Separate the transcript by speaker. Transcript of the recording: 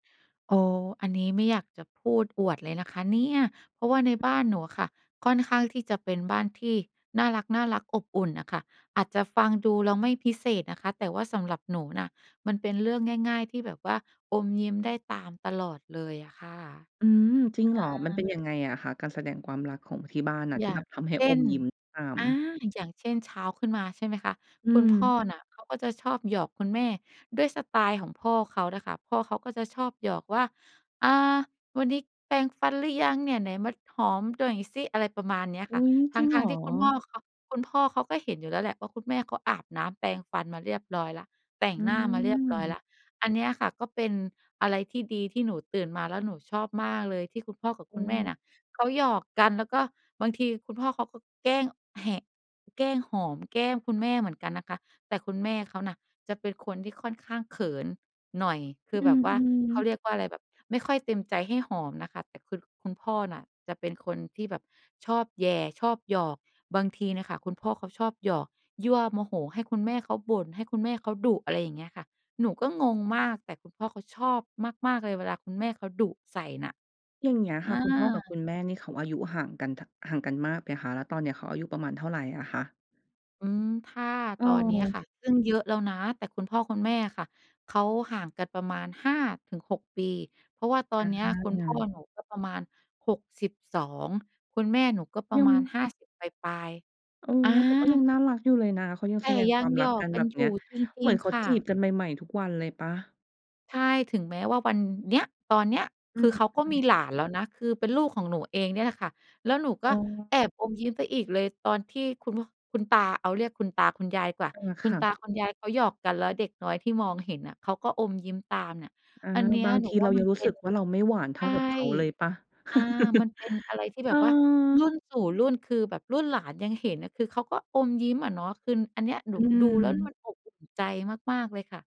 Speaker 1: โอ้ อันนี้ไม่อยากจะพูดอวดเลยนะคะเนี่ย เพราะว่าในบ้านหนูค่ะ ค่อนข้างที่จะเป็นบ้านที่น่ารัก ๆ อบอุ่นน่ะค่ะ อาจจะฟังดูแล้วไม่พิเศษนะคะ แต่ว่าสำหรับหนูนะมันเป็นเรื่องง่าย ๆ ที่แบบว่าอมเยิ้มได้ตามตลอดเลยอะค่ะ
Speaker 2: อืม จริงเหรอ
Speaker 1: อ
Speaker 2: มันเป็น
Speaker 1: า
Speaker 2: ยังไงอะคะ การแสดงความรักของที่บ้านอะ
Speaker 1: อ
Speaker 2: ที
Speaker 1: ย
Speaker 2: ่
Speaker 1: ่
Speaker 2: แ
Speaker 1: า
Speaker 2: บ
Speaker 1: ง
Speaker 2: บทำให้
Speaker 1: เช
Speaker 2: อ
Speaker 1: ่น
Speaker 2: มยิ้มตาม?
Speaker 1: อา อย่างเช่น เช้าขึ้นมา ใช่ไหมคะ
Speaker 2: อื
Speaker 1: คุณพ่อ
Speaker 2: ม
Speaker 1: น่ะเขาก็จะชอบหยอกคุณแม่ด้วยสไตล์ของพ่อเขาน่ะค่ะ พ่อเขาก็จะชอบหยอกว่า อ่า วันนี้แปรงฟันหรือยังเนี่ย ไหนมาหอมหน่อยสิ อะไรประมาณเนี้ย
Speaker 2: อ
Speaker 1: ค่
Speaker 2: ุ
Speaker 1: ะ
Speaker 2: ๊ย
Speaker 1: ท
Speaker 2: จริงเห
Speaker 1: ั
Speaker 2: ร
Speaker 1: ้ง
Speaker 2: อ?
Speaker 1: ๆ ที่คุณพ่อเขา คุณพ่อเขาก็เห็นอยู่แล้วแหละว่า คุณแม่เขาอาบน้ำแปรงฟันมาเรียบร้อยแล้ว แต่ง
Speaker 2: อื
Speaker 1: หน้ามาเรียบร้อยแล
Speaker 2: ม
Speaker 1: ้ว อันเนี้ยค่ะก็เป็นอะไรที่ดี ที่หนูตื่นมาแล้วหนูชอบมากเลย ที่คุณพ่อกับ
Speaker 2: อ
Speaker 1: ค
Speaker 2: ื
Speaker 1: ุณแม่เน
Speaker 2: ม
Speaker 1: ี่ยเขาหยอกกัน แล้วก็บางทีคุณพ่อเขาก็แกล้งแหะ แกล้งหอม แกล้งคุณแม่เหมือนกันนะคะ แต่คุณแม่เขาน่ะเป็นคนที่ค่อนข้างเขินหน่อย คือ
Speaker 2: อื
Speaker 1: แบบว่า
Speaker 2: ม
Speaker 1: เขา
Speaker 2: ๆ
Speaker 1: เรียกว่าอะไร แบบไม่ค่อยเต็มใจให้หอมนะคะ แต่คือคุณพ่อน่ะจะเป็นคนที่แบบชอบแหย่ชอบหยอก บางทีเนี่ยค่ะคุณพ่อเขาชอบหยอก ยั่วโมโหให้คุณแม่เขาบ่น ให้คุณแม่เขาดุ อะไรอย่างเงี้ยค่ะ หนูก็งงมาก แต่คุณพ่อเขาชอบมาก ๆ เลยเวลาคุณแม่เขาดุใส่น่ะ
Speaker 2: อย่างเงี้ย
Speaker 1: อ
Speaker 2: ค
Speaker 1: า
Speaker 2: ่ะ คุณพ่อกับคุณแม่นี่เขาอายุห่างกัน ท ห่างกันมากไหมคะ? แล้วตอนเนี้ยเขาอายุประมาณเท่าไรอะคะ?
Speaker 1: อืม ถ้าตอนนี้
Speaker 2: เออ
Speaker 1: ค่ะ ซึ่งเยอะแล้วนะ แต่คุณพ่อคุณแม่อะค่ะ เขาห่างกันประมาณ 5-6 ปี เพราะว่าตอน
Speaker 2: อ
Speaker 1: เนี้ยคุณพ่อ
Speaker 2: า
Speaker 1: หนูก็ประมาณ 62 คุณแม่หนูก็ปร
Speaker 2: ย
Speaker 1: ะ
Speaker 2: ัง
Speaker 1: มาณ 50 ปลาย
Speaker 2: เออ
Speaker 1: ๆ อา
Speaker 2: แต่ก็ยังน่ารักอยู่เลยนะ เขายัง
Speaker 1: แ
Speaker 2: แ
Speaker 1: ต
Speaker 2: ส
Speaker 1: ่
Speaker 2: ดง
Speaker 1: ย
Speaker 2: ค
Speaker 1: ั
Speaker 2: วา
Speaker 1: ง
Speaker 2: ม
Speaker 1: ห
Speaker 2: ร
Speaker 1: ย
Speaker 2: ัก
Speaker 1: อ
Speaker 2: ก
Speaker 1: ก
Speaker 2: ัน
Speaker 1: ก
Speaker 2: แ
Speaker 1: ั
Speaker 2: บ
Speaker 1: น
Speaker 2: บ
Speaker 1: อย
Speaker 2: เนี้
Speaker 1: ู
Speaker 2: ย
Speaker 1: ่จ
Speaker 2: เ
Speaker 1: ร
Speaker 2: หม
Speaker 1: ิ
Speaker 2: ื
Speaker 1: ง
Speaker 2: อนเขา
Speaker 1: ๆ ค่
Speaker 2: จีบ
Speaker 1: ะ
Speaker 2: กันใหม่ ๆ ทุกวันเลยเปล่า?
Speaker 1: ใช่ ถึงแม้ว่า วันเนี้ย ตอนเนี้ย
Speaker 2: อื
Speaker 1: คื
Speaker 2: ม
Speaker 1: อเขา
Speaker 2: อ
Speaker 1: ก็
Speaker 2: ื
Speaker 1: มี
Speaker 2: ม
Speaker 1: หลานแล้วนะ คือเป็นลูกของหนูเองเนี่ยแหละค่ะ แล้วหนูก
Speaker 2: อ
Speaker 1: ็
Speaker 2: ๋
Speaker 1: แ
Speaker 2: อ
Speaker 1: อบอมยิ้มไปอีกเลย ตอนที่คุณ พ คุณตา เอาเรียกคุณตาคุณยายกว่า
Speaker 2: อา
Speaker 1: คุ
Speaker 2: ค
Speaker 1: ณ
Speaker 2: ่
Speaker 1: ตา
Speaker 2: ะ
Speaker 1: คุณยายเขาหยอกกัน แล้วเด็กน้อยที่มองเห็นอะ เขาก็อมยิ้มตามเนี่ย
Speaker 2: อา
Speaker 1: อันเนี้ย
Speaker 2: บาง
Speaker 1: หน
Speaker 2: ท
Speaker 1: ู
Speaker 2: ี
Speaker 1: ว
Speaker 2: เ
Speaker 1: ่
Speaker 2: ร
Speaker 1: า
Speaker 2: าย
Speaker 1: มั
Speaker 2: ัง
Speaker 1: น
Speaker 2: รู
Speaker 1: เ
Speaker 2: ้
Speaker 1: ป็
Speaker 2: ส
Speaker 1: น
Speaker 2: ึกว่า เราไม่หวาน
Speaker 1: ใ
Speaker 2: เท
Speaker 1: ช
Speaker 2: ่า
Speaker 1: ่
Speaker 2: กับเขาเลยเปล่า?
Speaker 1: อา มันเป็นอะไรที่แ
Speaker 2: เ
Speaker 1: บ
Speaker 2: อ
Speaker 1: บว่าร
Speaker 2: อ
Speaker 1: ุ่นสู่รุ่น คือแบบรุ่นหลานยังเห็นน่ะ คือเขาก็อมยิ้มอะเนาะ คืออันเนี้ยหนู
Speaker 2: อื
Speaker 1: ดูแล้วเนี่ยม
Speaker 2: อ
Speaker 1: ันอบอุ่นใจมาก ๆ เลยค่ะ